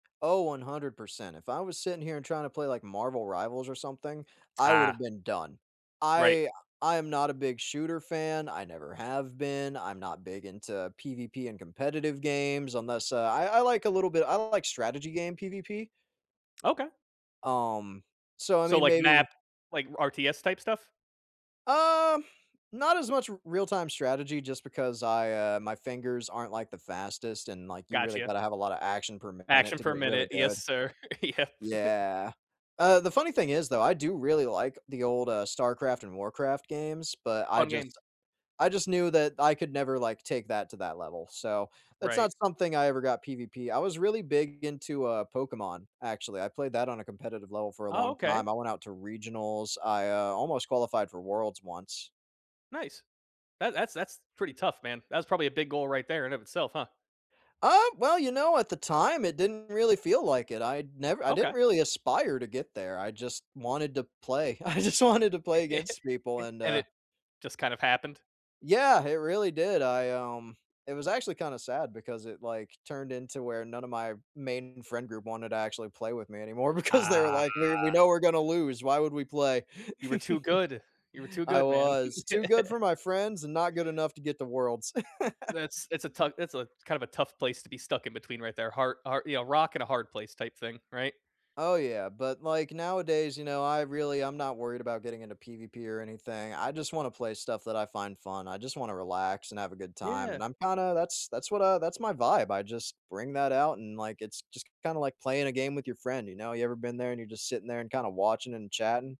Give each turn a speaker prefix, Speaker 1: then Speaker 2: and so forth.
Speaker 1: Oh, 100%. If I was sitting here and tryna play, like, Marvel Rivals or something, I would've
Speaker 2: Ah.
Speaker 1: been done.
Speaker 2: Right.
Speaker 1: I I am not a big shooter fan, I never have been, I'm not big into PvP and competitive games unless a I I like a little bit I don't like strategy game PvP.
Speaker 2: Okay.
Speaker 1: Um, so I
Speaker 2: So,
Speaker 1: mean,
Speaker 2: like,
Speaker 1: maybe
Speaker 2: map like, RTS type stuff?
Speaker 1: Um, not as much Real-Time Strategy just because I, uh, my fingers aren't, like, the fastest and, like, you really
Speaker 2: Gotcha.
Speaker 1: gotta have a lot of action-per-minute to get really
Speaker 2: Action-per-minute. Yes,
Speaker 1: good.
Speaker 2: sir. Yep.
Speaker 1: Yeah. Uh, the funny thing is though, I do really like the old, uh, StarCraft and Warcraft games, but I
Speaker 2: Fun
Speaker 1: just
Speaker 2: games.
Speaker 1: I just knew that I could never, like, take that to that level, so that's not
Speaker 2: Right.
Speaker 1: something I ever got PvP I was really big into, uh, Pokémon, actually, I played that on a competitive level for a
Speaker 2: Oh,
Speaker 1: long
Speaker 2: okay.
Speaker 1: time, I went out to Regionals, I, uh, almost qualified for Worlds once.
Speaker 2: Nice. That that that's pretty tough, man. That's probably a big goal right there in of itself, huh.
Speaker 1: Uh, well, you know, at the time, it didn't really feel like it, I'd never I didn't
Speaker 2: Okay.
Speaker 1: really aspire to get there, I just wanted to play. I just wanted to play against people. And,
Speaker 2: And
Speaker 1: uh
Speaker 2: it just kind of happened?
Speaker 1: Yeah, it really did. I, um, it was actually kinda sad because it, like, turned into where none of my main friend group wanted to actually play with me anymore because they were like, "We're we
Speaker 2: Ah.
Speaker 1: know we're gonna lose. Why would we play?"
Speaker 2: You were too good. You were too
Speaker 1: I
Speaker 2: good, man.
Speaker 1: was. Too good for my friends and not good enough to get the Worlds.
Speaker 2: That's it's a tough it's a kind of a tough place to be stuck in between right there, har har you know, rock-and-a-hard-place type thing. Right?
Speaker 1: Oh yeah, but, like, nowadays, you know, I really I'm not worried about getting into PvP or anything, I just wanna play stuff that I find fun, I just wanna relax and have a good time and
Speaker 2: Yeah.
Speaker 1: I'm kinda that's that's what I that's my vibe, I just bring that out and, like, it's it's just kinda like playing a game with your friend, you know? You ever been there and you're just sitting there and kinda watching and chatting?